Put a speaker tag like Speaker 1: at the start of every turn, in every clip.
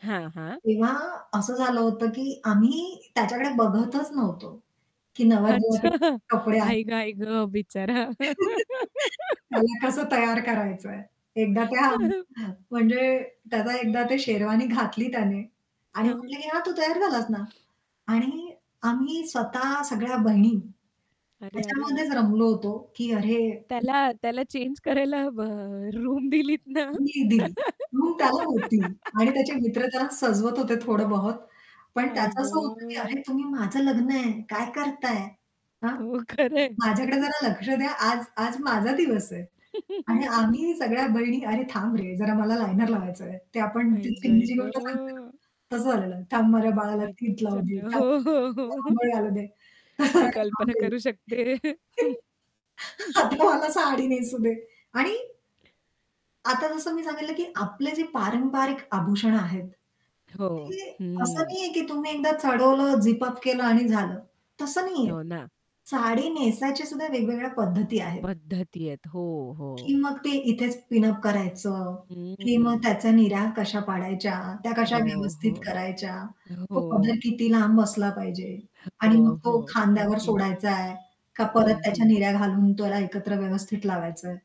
Speaker 1: हां, हां.
Speaker 2: तेव्हा असं झालं होतं की आम्ही त्याच्याकडे बघतच नव्हतो की
Speaker 1: अच्छा,
Speaker 2: नवरदेवाचे कपडे आहेत.
Speaker 1: आई गं, आई गं. बिचारा.
Speaker 2: त्याला कसं तयार करायचंय. एकदा त्या हं, म्हणजे त्याचा एकदा ते शेरवानी घातली त्याने आणि
Speaker 1: हां.
Speaker 2: म्हटलं की "हां, तू तयार झालास ना." आणि आम्ही स्वतः सगळ्या बहिणी,
Speaker 1: अरे, अरे, अरे.
Speaker 2: त्याच्यामध्येच रमलो होतो की अरे [unintelligible]
Speaker 1: त्याला, त्याला चेंज करायला हवं रूम दिलीत ना?
Speaker 2: मी दिली. मग त्याला होती आणि त्याचे मित्र त्यांना सजवत होते थोडं बहोत. पण
Speaker 1: आई
Speaker 2: त्याचं असं होतं की अरे
Speaker 1: गं.
Speaker 2: "तुम्ही माझं लग्न आहे, काय करताय? हां?
Speaker 1: हो, खरं आहे.
Speaker 2: माझ्याकडे जरा लक्ष द्या, आज आज माझा दिवस आहे." आणि आम्ही सगळ्या बहिणी "अरे थांब रे जरा मला लायनर लावायचंय." ते आपण
Speaker 1: आई
Speaker 2: ती
Speaker 1: गं, आई
Speaker 2: चिमणीची गोष्ट सांगतो
Speaker 1: गं.
Speaker 2: ना तसं झालेलं थांब माझ्या बाळाला तिठ लावू दे,
Speaker 1: बिचारा.
Speaker 2: थांब
Speaker 1: हो, हो,
Speaker 2: माझ्या
Speaker 1: हो,
Speaker 2: बाळाला
Speaker 1: हो.
Speaker 2: अंघोळ घालु दे. तसं झालेलं,
Speaker 1: मी
Speaker 2: जरा थांब
Speaker 1: कल्पना
Speaker 2: रे.
Speaker 1: करू शकते.
Speaker 2: आता मला साडी नेसू दे आणि आता जसं मी सांगितलं की आपले जे पारंपरिक आभूषणं आहेत,
Speaker 1: हो,
Speaker 2: ते असं
Speaker 1: हं.
Speaker 2: नाहीये की तुम्ही एकदा चढवलं, झिप-अप केलं आणि झालं तसं नाहीये.
Speaker 1: हो ना.
Speaker 2: साडी नेसायची सुद्धा वेगवेगळ्या पद्धती आहेत.
Speaker 1: पद्धती आहेत. हो, हो.
Speaker 2: की मग ते इथेच पिनअप करायचं, की मग
Speaker 1: हं.
Speaker 2: त्याचा निऱ्या कशा पाडायच्या, त्या कशा
Speaker 1: हो,
Speaker 2: व्यवस्थित
Speaker 1: हो.
Speaker 2: करायच्या? तो पदर
Speaker 1: हो.
Speaker 2: किती लांब असला पाहिजे आणि
Speaker 1: हो,
Speaker 2: मग तो
Speaker 1: हो.
Speaker 2: खांद्यावर
Speaker 1: अगदीच.
Speaker 2: सोडायचाय का परत
Speaker 1: हं,
Speaker 2: त्याच्या
Speaker 1: हं.
Speaker 2: निऱ्या घालून त्याला एकत्र व्यवस्थित लावायचंय.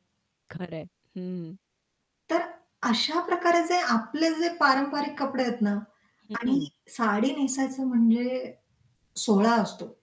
Speaker 1: खरं आहे. हं.
Speaker 2: तर अशा प्रकारे जे आपले जे पारंपरिक कपडे आहेत ना
Speaker 1: हं,
Speaker 2: आणि
Speaker 1: हं.
Speaker 2: साडी नेसायचं म्हणजे सोहळा असतो.